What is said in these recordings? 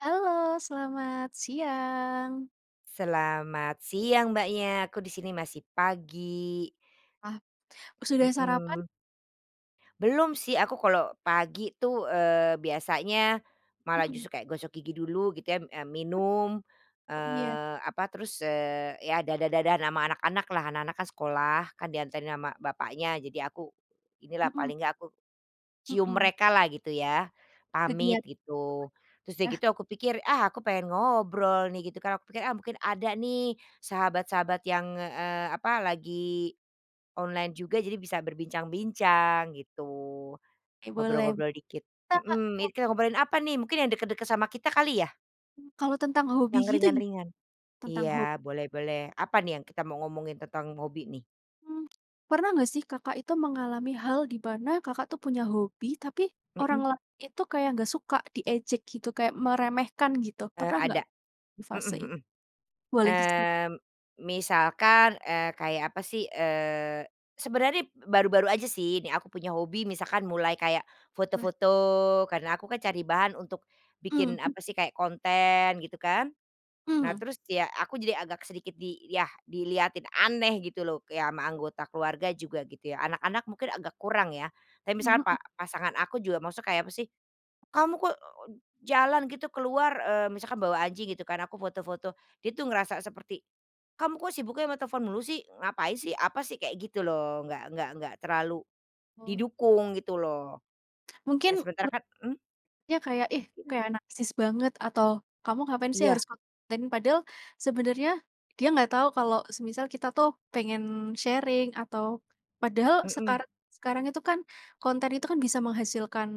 Halo selamat siang. Selamat siang Mbaknya, aku di sini masih pagi. Wah, sudah sarapan? Mmm. Belum sih aku kalau pagi tuh, eee, biasanya, malah Mhm. justru kayak gosok gigi dulu gitu ya, eee, m minum, Oh iya. eee, apa terus, eee, ya dadah-dadahan ama anak-anak lah, anak-anak kan sekolah, kan dianterin sama bapaknya jadi aku inilah, Mhm. paling enggak aku, cium Mhm. mereka lah gitu ya, pamit Kegiat gitu. Terus udah Ya. gitu aku pikir, "Ah aku pengen ngobrol nih." Gitu kan, aku pikir, "Ah mungkin ada nih sahabat-sahabat yang, eee, apa lagi online juga, jadi bisa berbincang-bincang." Gitu, Oke boleh. ngobrol-ngobrol dikit. Bisa Kak, Mhm, ini mau kita ngobrolin apa nih? Mungkin yang deket-deket sama kita kali ya? Mmm, kalau tentang hobi Yang gitu gi ringan-ringan? tentang ho Iya boleh boleh apa nih yang kita mau ngomongin tentang hobi nih? Mmm, pernah nggak sih Kakak itu mengalami hal di pana Kakak tuh punya hobi tapi orang Mhm. lain itu kayak nggak suka, diejek gitu kayak meremehkan gitu? Eee, Pernah nggak ada, di mhm fase i mhm, boleh diceri mmm, misalkan, eee, kayak apa sih, eee, sebenarnya baru-baru aja sih ini aku punya hobi misalkan mulai kayak Wah. foto-foto, karena aku kan cari bahan untuk bikin apa Mmm. sih, kayak konten gitu kan. Nah Mhm. terus ya aku jadi agak sedikit di yah dilihatin aneh gitu loh kayak ama anggota keluarga juga gitu ya, anak-anak mungkin agak kurang ya, tapi misalnya Mhm. pa pasangan aku juga maksudnya kayak apa sih, "Kamu kok jalan gitu keluar," eee, misalkan bawa anjing gitu kan, aku foto-foto, dia tuh ngerasa seperti, "Kamu kok sibuknya ama telepon mulu sih? Ngapain Hm sih? Apa sih?" kayak gitu loh nggak nggak nggak terlalu, Oh. didukung gitu loh. Mungkin Ya sementara ber kan mhm? ya kayak, "Ih, Mungkin. kayak narsis banget," atau, "kamu ngapain sih Iya. harus konten?" Padahal sebenarnya dia nggak tahu kalau semisal kita tuh pengen sharing atau padahal Mhm. sekarang sekarang itu kan konten itu kan bisa menghasilkan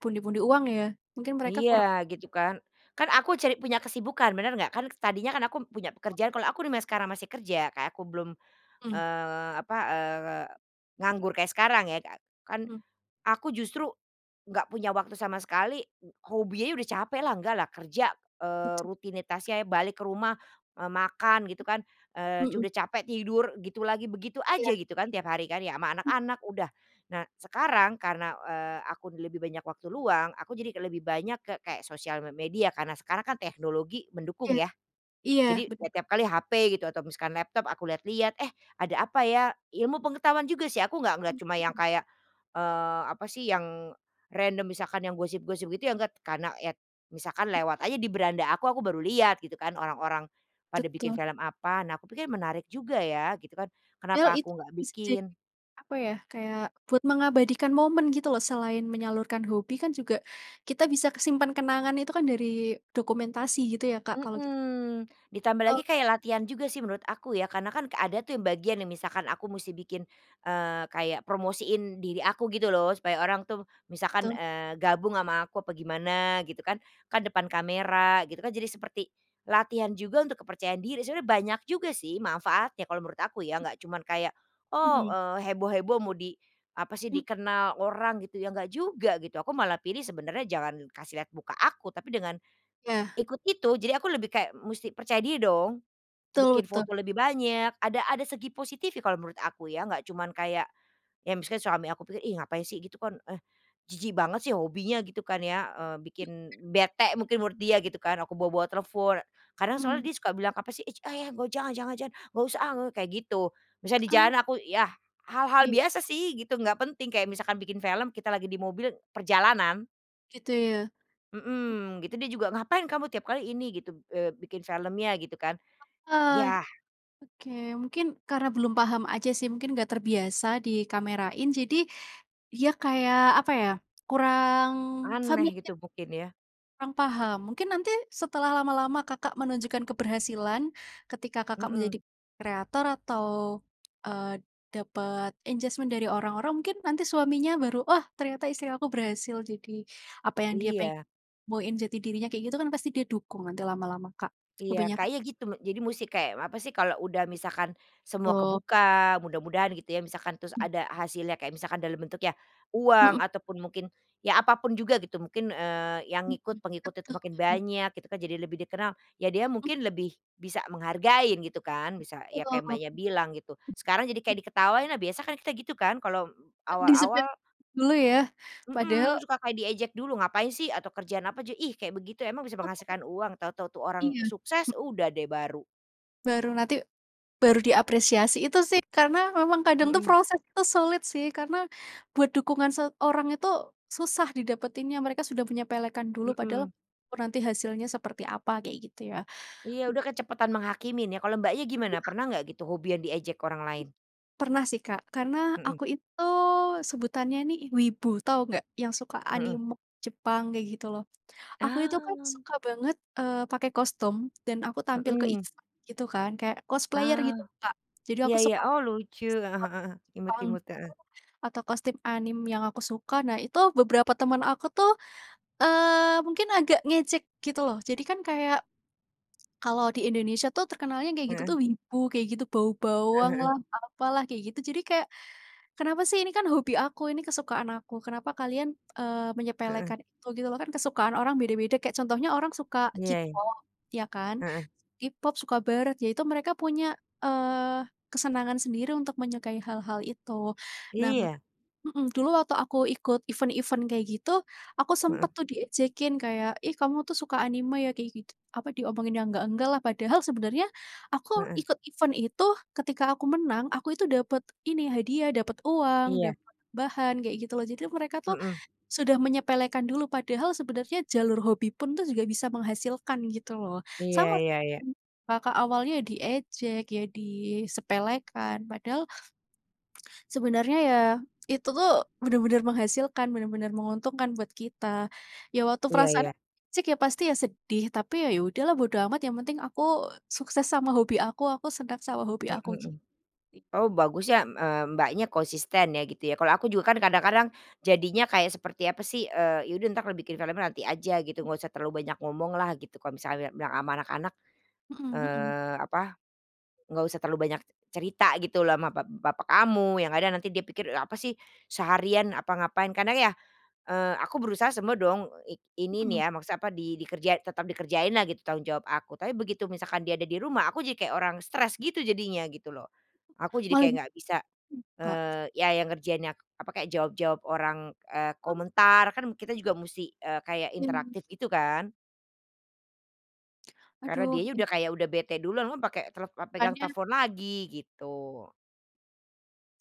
pundi-pundi uang ya mungkin mereka kurang Iya gitu kan, kan aku cari punya kesibukan bener nggak? Kan s tadinya kan aku punya pekerjaan kalau aku remind sekarang masih kerja kayak aku belum, Mhm. eee, apa, eee, nganggur kayak sekarang ya Kak, kan, Mhm. aku justru nggak punya waktu sama sekali, eee, hobinya udah capek lah, nggak lah kerja, eee, Betu. rutinitasnya balik ke rumah, eee, makan gitu kan, M eee, cu mhm. udah capek tidur gitu lagi, begitu aja Iya. gitu kan, tiap hari kan, ya ama Hmm. anak-anak udah. Nah sekarang karena, eee, aku d lebih banyak waktu luang aku jadi k lebih banyak ke kayak sosial me media karena sekarang kan teknologi mendukung, Iya, ya. iya Jadi bener. ya tiap kali HP gitu atau misalkan laptop aku lihat-lihat, "Eh, ada apa ya?" Ilmu pengetahuan juga sih aku nggak ngelihat cuma yang Mhm. kayak, eee, apa sih, yang random misalkan yang gosip-gosip gitu ya nggak, karena ya misalkan lewat aja di beranda aku, aku baru lihat gitu kan orang-orang pada bikin Betul. film apa, nah aku pikir menarik juga ya gitu kan, Yal kenapa itu aku nggak bisa jadi, bikin? apa ya, kayak buat mengabadikan momen gitu loh selain menyalurkan hobi kan juga kita bisa kesimpan kenangan itu kan dari dokumentasi gitu ya Kak kalau git Mhm, ditambah Oh. lagi kayak latihan juga sih menurut aku ya karena kan kek ada tuh yang bagian yang misalkan aku musti bikin, eee, kayak promosiin diri aku gitu loh supaya orang tuh Tu. misalkan, eee, gabung ama aku apa gimana gitu kan. Kan depan kamera gitu kan jadi seperti latihan juga untuk kepercayaan diri, sebenarnya banyak juga sih mafaatnya kalau menurut aku ya Mmm. nggak cuman kayak, oh, Mhm. eee, heboh-heboh mau di, apa sih, M dikenal orang gitu ya nggak juga gitu. Aku malah pilih sebenarnya jangan kasih lihat muka aku, tapi dengan, Iya. ikut itu, jadi aku lebih kayak musti percaya dia dong. Betul Bikin betul. foto lebih banyak ada ada segi positifnya kalau menurut aku ya, nggak cuman kayak, ya misalkan suami aku pikir, "Ih ngapain sih gitu kan, eh jijik banget sih hobinya." Gitu kan ya, eee, Mhm. bikin bete mungkin menurut dia gitu kan, aku bawa-bawa telepon. Karena soalnya Mhm. dia suka bilang, "Apa sih! Ich! Ach ja joh, jangan jangan jangan, nggak usah ah," ngo kayak gitu. Misalnya di Oh. jalan aku ya hal-hal Iya. biasa sih gitu nggak penting kayak misalkan bikin film kita lagi di mobil, perjalanan. Gitu ya. Hm Mhm, gitu dia juga, "Ngapain kamu tiap kali ini," gitu, eee, "bikin filmnya?" gitu kan, Heeh, yah oke mungkin karena belum paham aja sih mungkin nggak terbiasa dikamerain jadi, dia kayak, apa ya, kurang Aneh gitu familiar. mungkin ya. Kurang paham. Mungkin nanti setelah lama-lama Kakak menunjukkan keberhasilan, ketika Kakak menjadi Mhm. kreator atau, eee, dapat engagement dari orang-orang mungkin nanti suaminya baru, "Wah ternyata istri aku berhasil jadi apa yang dia peng Iya. boin jati dirinya." Kayak gitu kan pasti dia dukung nanti lama-lama Kak. Iya Kebanyakan kayaknya gitu me jadi musti kayak apa sih kalau udah misalkan semua Tu. kebuka, mudah-mudahan gitu ya, misalkan terus Mmm. ada hasilnya, kayak misalkan dalam bentuk ya Mhm. uang ataupun mungkin, ya apa pun juga gitu mungkin, eee, yang Mhm, ngikut pengikut itu betul makin uh. banyak gitu kan jadi lebih dikenal, ya dia Mmm. mungkin lebih bisa menghargain gitu kan, bisa ya Betul. kayak Mbaknya bilang gitu. Sekarang jadi kayak diketawain nah biasa kan kita gitu kan kalau, Eee, disepe awal-awal dulu ya. Padahal Mhm, suka kayak diejek dulu, "Ngapain sih?" Atau kerjaan apa aja, "Ih kayak begitu emang bisa Oh. menghasilkan uang?" Tau-tau tuh orang Iya, mh sukses udah deh baru. Baru nanti, baru diapresiasi, itu sih karena memang kadang tuh Mhm. proses tuh sulit sih, karena buat dukungan seorang itu susah didapatinnya, mereka sudah menyepelekan dulu padahal Mhm. ru nanti hasilnya seperti apa kayak gitu ya, Iya mhm. udah kecepatan menghakimin ya, kalau Mbaknya gimana? Aduh. Pernah gak gitu hobi yang diejek orang lain? Pernah sih Kak, karena Mhm. aku itu sebutannya nih wibu, tahu nggak? Yang suka Mhm. anime Jepang kayak gitu loh. Aku itu kan Oh. suka banget, eee, pakai kostum dan aku tampil ke Mhm. event gitu kan kayak cosplayer Oh, gitu Kak. Jadi iya aku iya, suka, oh, lucu, heeh skot heeh heeh, imut pang imut, heeh. tuh atau kostum anime yang aku suka, nah itu beberapa teman aku tuh, eee, mungkin agak ngejek gitu loh, jadi kan kayak, kalau di Indonesia tuh terkenalnya kayak gitu Heeh. tuh wibu, kayak gitu bau Heeh heeh. bawanglah, apalah, kayak gitu jadi kek, kenapa sih, ini kan hobi aku, ini kesukaan aku kenapa kalian, eee, Heeh. menyepelekan itu gitu loh, kan kesukaan orang beda-beda. Kayak contohnya orang suka Iya. K-pop ya kan, Heeh. s K-pop, suka barat, ya itu mereka punya, eee, kesenangan sendiri untuk menyukai hal-hal itu. Nah Iya. mhm, dulu waktu aku ikut event-event kayak gitu, aku Heeh. sempet tuh diejekin kayak, "Ih kamu tuh suka anime ya?" kayak gitu apa, diomongin yang nggak-nggak lah padahal sebenarnya, aku Heeh. ikut event itu, ketika aku menang aku itu dapat ini hadiah, dapat uang, Iya. dapat bahan kayak gitu loh, jadi mereka tuh, Mhm. sudah menyepelekan dulu padahal sebenarnya jalur hobi pun tuh juga bisa menghasilkan gitu loh. Iya Sama se iya iya. [unintelligible] Kakak awalnya diejek ya, disepelekan padahal sebenarnya ya, itu tuh benar-benar menghasilkan, benar-benar menguntungkan buat kita, ya waktu Iya perasaannya iya. jek ya pasti ya sedih, tapi ya, ya udahlah bodo amat, yang penting aku sukses sama hobi aku, aku seneng sama hobi Mhm aku mhm. gitu sih. Oh bagus ya mmm, eee, Mbaknya konsisten ya gitu ya, kalau aku juga kan kadang-kadang jadinya kayak seperti apa sih, eee, ya udah entar, eee, bikin filmnya nanti aja gitu, nggak usah terlalu banyak ngomong lah gitu, kalau misalnya bilang ama anak-anak, Mhm mhm. eee, apa, nggak usah terlalu banyak c cerita gitu loh ama bap bapak kamu, yang kadang nanti dia pikir apa sih, seharian apa ngapain, karena ya, eee, aku berusaha semua dong eee i ini Mhm. nih ya, maksud apa di di kerjai tetap dikerjain lah gitu tanggung jawab aku, tapi begitu misalkan dia ada di rumah, aku jadi kayak orang stres gitu jadinya gitu loh. Aku jadi Malah kayak jadi nggak mmm, bisa, Kak. eee, ya yang ngerjainnya, apa, kayak jawab-jawab orang, eee, komentar, kan kita juga musti, eee, kayak Iya. interaktif gitu kan. Karena Aduh dianya ih. udah kayak udah bete duluan, memang pake tele eee, pegang Makanya. telfon lagi gitu.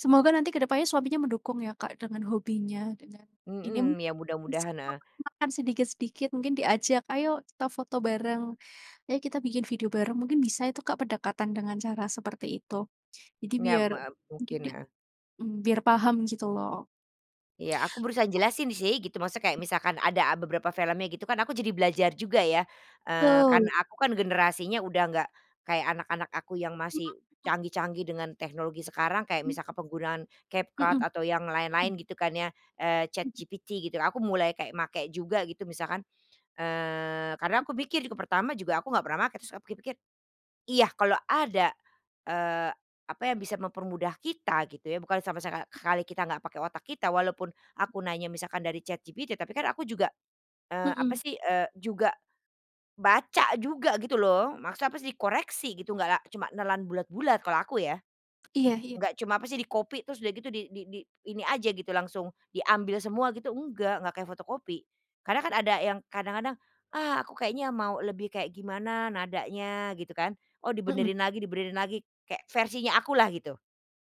Semoga nanti ke depannya suaminya mendukung ya Kak dengan hobinya, dengan inim Mhm, ya mudah-mudahan. [unintelligible] Heeh. makan sedikit-sedikit mungkin diajak, ayo kita foto bareng, ayo kita bikin video bareng, mungkin bisa itu Kak pendekatan dengan cara seperti itu. Jadi Nyam biar me mungkin mungkin, di heeh. mmm, biar paham gitu loh. Iya aku berusaha O jelasin sih gitu maksudnya kayak misalkan ada a beberapa filmnya gitu kan, aku jadi belajar juga ya, eee, karena Tul. aku kan generasinya udah nggak kayak anak-anak aku yang Mhm masih mhm. canggih-canggih dengan teknologi sekarang, kayak Mmm. misalkan penggunaan Mmm. CapCut atau yang Mmm. lain-lain gitu kan ya, eee, Mmm. ChatGPT gitu aku mulai kayak make juga gitu misalkan, eee, karena aku Mmm. pikir juga pertama juga aku nggak pernah make, terus aku pikir-pikir, iya kalau ada, eee, apa yang bisa mempermudah kita, gitu ya, bukan sampai seka Mmm. khali kita nggak pakai otak kita, walaupun M aku nanya misalkan dari ChatGPT tapi kan aku juga, eee, apa Mhm. sih, eee, juga baca juga gitu loh, maksudnya apa sih, koreksi gitu nggak la cuma nelan bulat-bulat kalau aku ya. Iya iya. Nggak cuma apa sih di copy terus udah gitu di di di ini aja gitu langsung diambil semua gitu nggak, nggak kayak fotokopi. Karena kan ada yang kadang-kadang, "Ah aku kayaknya mau lebih kayak gimana nadanya," gitu kan, oh Mhm. dibenerin lagi dibenerin lagi kayak versinya aku lah gitu.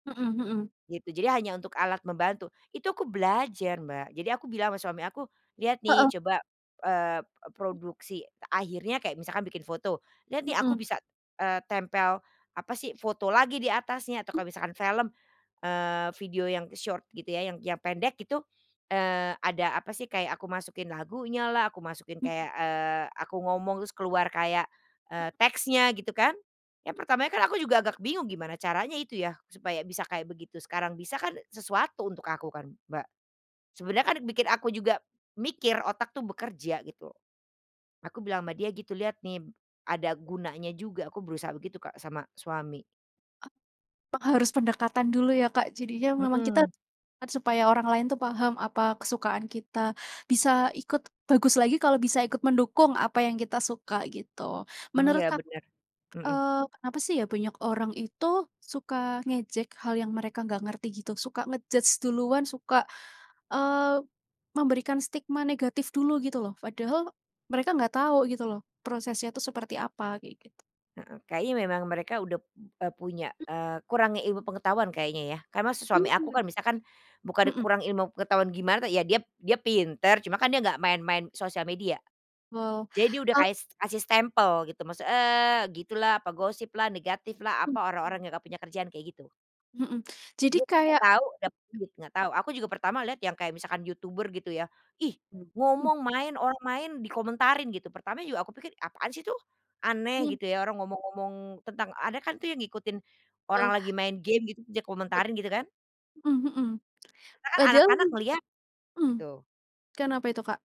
Mhm mhm. Gitu jadi hanya untuk alat membantu, itu aku belajar Mbak jadi aku bilang ama suami aku, "Lihat Heeh. nih coba, eee eee, produksi," akhirnya kayak misalkan bikin foto, "lihat nih aku Mhm. bisa, eee, tempel, apa sih, foto lagi di atasnya," atau Mmm. kalau misalkan film, eee, video yang short gitu ya, yang yang pendek itu, eee, ada apa sih kayak aku masukin lagunya lah aku masukin Mmm. kayak, eee, aku ngomong terus keluar kayak, Mhm. eee, teksnya gitu kan. Ya M pertamanya kan aku juga agak bingung gimana caranya itu ya, supaya bisa kayak begitu, sekarang bisa kan sesuatu untuk aku kan Mbak. Sebenarnya kan bikin aku juga, mikir, otak tuh bekerja gitu. Aku bilang sama dia gitu, "Lihat nih b ada gunanya juga aku berusaha." Begitu Kak sama suami. A p harus pendekatan dulu ya Kak, jadi ya memang kita Mhm. kan supaya orang lain tuh paham apa kesukaan kita bisa ikut bagus lagi kalau bisa ikut mendukung apa yang kita suka gitu. Mmm, Menurut iya ka benar, mhm. eee, kenapa sih ya banyak orang itu suka ngejek hal yang mereka nggak ngerti gitu, suka nge-judge duluan, suka, eee, memberikan stigma negatif dulu, gitu loh? Padahal mereka nggak tahu gitu loh prosesnya tuh seperti apa kayak gitu. Heeh, kayaknya memang mereka udah p eee, punya, M eee, kurangnya ilmu pengetahuan kayaknya ya, karena s suami aku Mhm. kan misalkan, bukan Mhm. kurang ilmu pengetahuan gimana ya, dia dia pintar cuma kan dia gak main main sosial media, Wow, jadi dia udah eee kaes kasih stempel gitu maksud, eee, gitulah, apa gosip lah, negatif lah, apa, Mmm. orang-orang yang gak punya kerjaan, kayak gitu. Mhm, jadi Dia gak kayak tau, tapi dia gak tau, aku juga pertama liat yang kayak misalkan YouTuber gitu ya, "Ih Mmm, mmm. ngomong main, orang main dikomentarin," gitu, pertama juga aku pikir apaan sih tuh, aneh Mhm. gitu ya orang ngomong-ngomong tentang ada kan tuh yang ngikutin orang Wow. lagi main game gitu, bisa Bet komentarin gitu kan. mhm mhm, Sekarang padahal anak-anak ngeliat, mmm, gitu. kenapa itu Kak?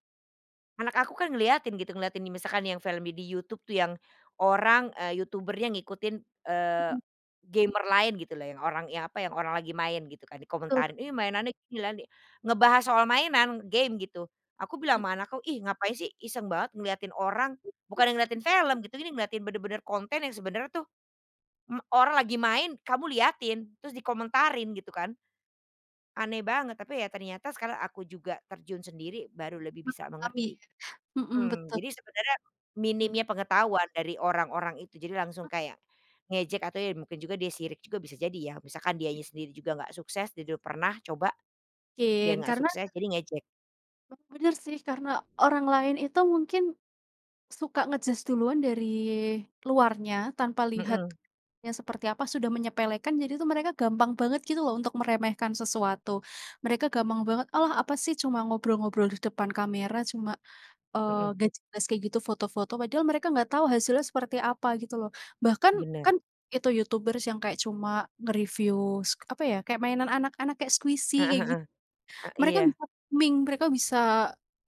Anak aku kan ngeliatin gitu, ngeliatin nih misalkan yang film di di YouTube tuh yang orang, eee, YouTuber-nya ngikutin, eee, Mhm. gamer lain gitu loh yang orang yang apa, yang orang lagi main gitu kan, Betul. dikomentarin "Ih mainannya gini lah nih," ngebahas soal mainan, game gitu. Aku bilang Mmm. ama anakku ih ngapain sih iseng banget ngeliatin orang, bukannya ngeliatin film gitu, ini ngeliatin benar-benar konten yang sebenarnya tuh, mmm, orang lagi main kamu lihatin, terus dikomentarin gitu kan. Aneh banget, tapi ya ternyata sekarang aku juga terjun sendiri baru lebih bisa Memahami mengerti. ya, mhm, Mmm, betul. jadi sebenernya Mhm. minimnya pengetahuan dari orang-orang itu jadi langsung kayak, ngejek atau ya mungkin juga dia sirik juga bisa jadi ya, misalkan dianya sendiri juga nggak sukses dia dah pernah coba, dia Kin, nggak karena sukses jadi ngejek. Oh, bener sih karena orang lain itu mungkin, suka nge-judge duluan dari luarnya, tanpa lihat Mhm. yang seperti apa sudah menyepelekan jadi tuh mereka gampang banget gitu loh untuk meremehkan sesuatu. Mereka gampang banget, "Alah apa sih cuma ngobrol-ngobrol di depan kamera, cuma, eee, Mhm. gak jelas kayak gitu, foto-foto." Padahal mereka nggak tahu hasilnya seperti apa gitu loh. Bahkan Benar. kan itu YouTubers yang kayak cuma nge-review s apa ya, kayak mainan anak-anak, kayak squishy Heeh kayak git heeh, eee, mereka iya. bisa ming mereka bisa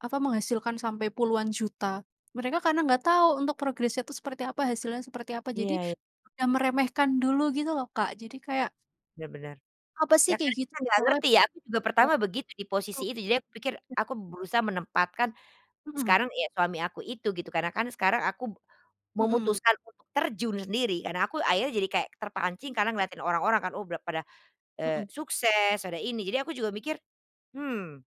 apa, menghasilkan sampai puluhan juta. Mereka karena enggak tahu untuk progresnya itu seperti apa, hasilnya seperti apa jadi, Iya iya. udah meremehkan dulu gitu loh Kak jadi kayak Benar benar, apa sih ya kayak kan gitu, kita gak soalnya ngerti ya aku juga pertama begitu di posisi itu, jadi aku pikir [unintelligible] aku berusaha menempatkan, Mhm. sekarang ya suami aku itu gitu karena kan sekarang aku b Mhm. memutuskan untuk terjun sendiri karena aku akhirnya jadi kayak terpancing Mmm. karena ngelihatin orang-orang kan oh bla pada, eee, Mhm. sukses, ada ini, jadi aku juga mikir, "Hmm,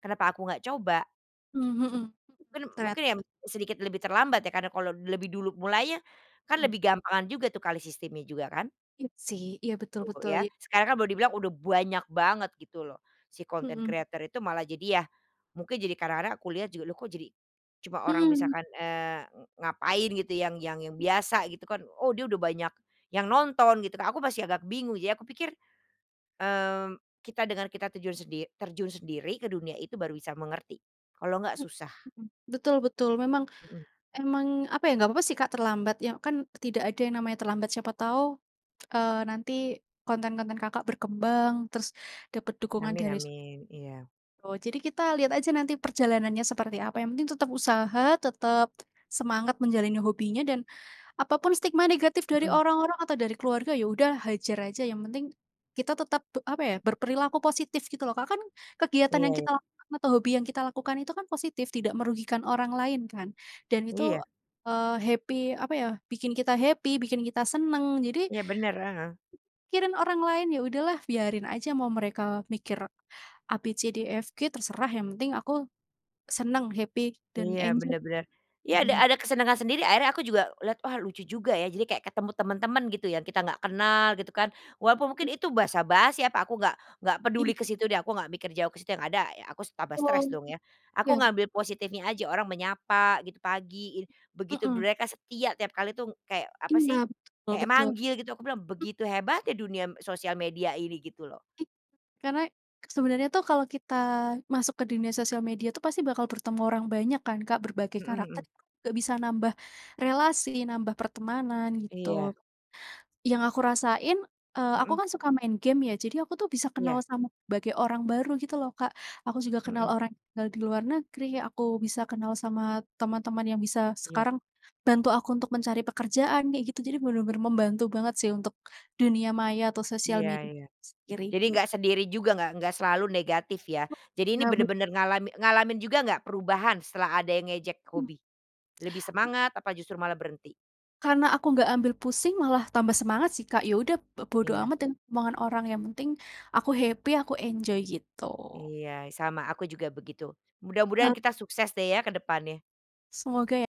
kenapa aku nggak coba?" Mmm, mhm, Mungkin mungkin ya ternyata sedikit lebih terlambat ya, karena kalau lebih dulu mulainya, kan Mhm. lebih gampangan juga tuh kali sistemnya juga kan. Iya sih iya betul Gitu betul ya ya. sekarang kan baru dibilang udah banyak banget gitu loh, si content Mhm. creator itu malah jadi ya, mungkin jadi kadang-kadang aku lihat juga loh kok jadi, cuma orang Mmm. misalkan, eee, ng ngapain gitu yang yang yang M biasa gitu kan, oh dia udah banyak yang nonton gitu Kak, aku masih agak bingung, ya aku pikir, mmm, kita dengan kita terjun sendi terjun sendiri ke dunia itu baru bisa mengerti, kalau nggak Mmm, susah. mhm, betul betul memang, Mhm. emang apa ya nggak apa-apa sih Kak terlambat, yang kan tidak ada yang namanya terlambat siapa tahu, eee, nanti konten-konten Kakak berkembang terus dapat dukungan Amin dari su amin, iya. oh, jadi kita lihat aja nanti perjalanannya seperti apa, yang penting tetap usaha tetap semangat menjalani hobinya dan, apa pun stigma negatif dari Mhm. orang-orang atau dari keluarga, ya udah hajar aja yang penting, kita tetap pe apa ya berperilaku positif gitu loh Kak, kan Iya kegiatan yang kita iya. lakukan atau hobi yang kita lakukan itu kan positif, tidak merugikan orang lain kan dan itu, Iya. eee, happy apa ya, bikin kita happy, bikin kita seneng jadi Iya benar, heeh. pikirin orang lain ya udah lah biarin aja mau mereka mikir A-B-C-D-E-F-G terserah, yang penting aku, seneng, happy, dan Iya enjoy. benar benar, ya ada Dan ada kesenangan sendiri, akhirnya aku juga lihat wah lucu juga ya jadi kayak ketemu teman-teman gitu yang kita gak kenal gitu kan, walaupun Mmm. mungkin itu basa-basi apa, aku nggak nggak Iy peduli ke situ deh aku nggak mikir jauh ke situ yang ada ya aku tambah Oh, stres dong ya, aku iya bet ngambil positifnya aja orang menyapa gitu pagi, begitu Mmm. mereka setia tiap kali tuh kayak apa Iya sih, betul kayak betul, manggil gitu aku bilang m begitu hebatnya dunia m sosial media ini gitu loh. M karena sebenarnya tuh kalau kita masuk ke dunia sosial media itu pasti bakal bertemu orang banyak kan Kak, berbagai Mhm karakter mhm. juga bisa nambah relasi, nambah pertemanan Iya. gitu. Yang aku rasain, eee, aku Mhm. kan suka main game ya, jadi aku tuh bisa kenal Iya. sama berbagai orang baru gitu loh Kak, aku juga kenal Mhm. orang tinggal di luar negeri, aku bisa kenal sama teman-teman yang bisa Iya. sekarang bantu aku untuk mencari pekerjaan, kayak gitu, jadi benar-benar membantu banget sih untuk dunia maya atau sosial Iya media iya, itu sendiri, jadi git nggak sendiri juga nggak nggak selalu Oh negatif ya. Jadi ini iya ben benar-benar ngalami ngalamin juga nggak perubahan setelah ada yang ngejek Mmm. hobi? Lebih semangat apa justru malah berhenti? Karena aku nggak ambil pusing malah tambah semangat sih Kak, ya udah b bodo Iya. amat dengan omongan orang, yang penting aku happy aku enjoy gitu. Iya sama aku juga begitu, mudah-mudahan Hal kita sukses deh ya ke depannya. Semoga ya.